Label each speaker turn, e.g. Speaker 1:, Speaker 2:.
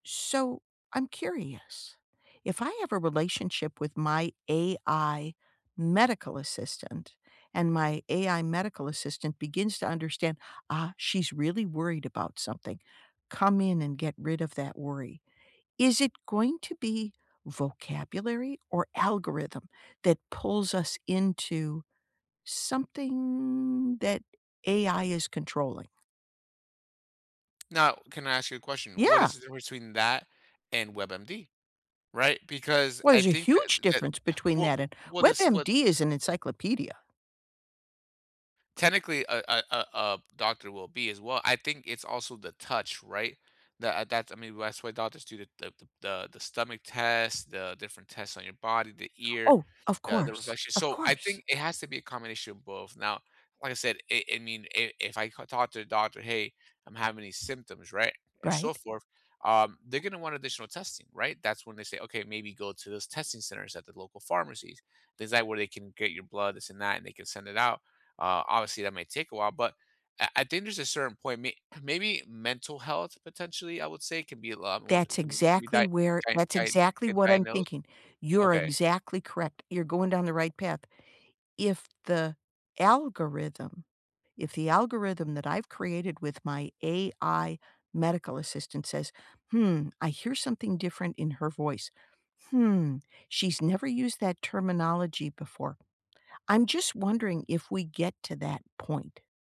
Speaker 1: So, I'm curious, if I have a relationship with my AI medical assistant and my AI medical assistant begins to understand, "Ah, she's really worried about something. Come in and get rid of that worry." Is it going to be vocabulary or algorithm that pulls us into something that AI is controlling?
Speaker 2: Now, can I ask you a question? What
Speaker 1: Yeah.
Speaker 2: is the difference between that and WebMD? Right? Because
Speaker 1: Well,
Speaker 2: I
Speaker 1: there's a
Speaker 2: think that
Speaker 1: huge
Speaker 2: that
Speaker 1: difference between
Speaker 2: wha
Speaker 1: that and
Speaker 2: what is what
Speaker 1: WebMD is an encyclopedia.
Speaker 2: Technically a a a, uh, doctor will be as well. I think it's also the touch, right? Tha that's I mean, that's why doctors do the the the the stomach test, the different tests on your body, the ear,
Speaker 1: Oh, of
Speaker 2: the the
Speaker 1: course,
Speaker 2: reflection
Speaker 1: of
Speaker 2: so, I
Speaker 1: course.
Speaker 2: think it has to be a combination of both; now, like I said, i it mean i if I ca talk to the doctor, "Hey, I'm having these symptoms." Right? And so
Speaker 1: Right.
Speaker 2: forth, um, they're gonna want additional testing, right? That's when they say, "Okay, maybe go to those testing centers at the local pharmacies." things, like, where they can get your blood, this and that, and they can send it out, uh, obviously, that might take a while, but I I think there's a certain point may maybe mental health potentially, I would say, could be a lot more c
Speaker 1: That's
Speaker 2: can be can be
Speaker 1: exactly
Speaker 2: dia
Speaker 1: where
Speaker 2: dia
Speaker 1: that's
Speaker 2: dia
Speaker 1: exactly
Speaker 2: can
Speaker 1: what I'm
Speaker 2: diagnose?
Speaker 1: thinking. You're
Speaker 2: Okay.
Speaker 1: exactly correct, you're going down the right path. If the algorithm if the algorithm that I've created with my AI medical assistant says, "Hmm, I hear something different in her voice. Hmm, she's never used that terminology before." I'm just wondering if we get to that point.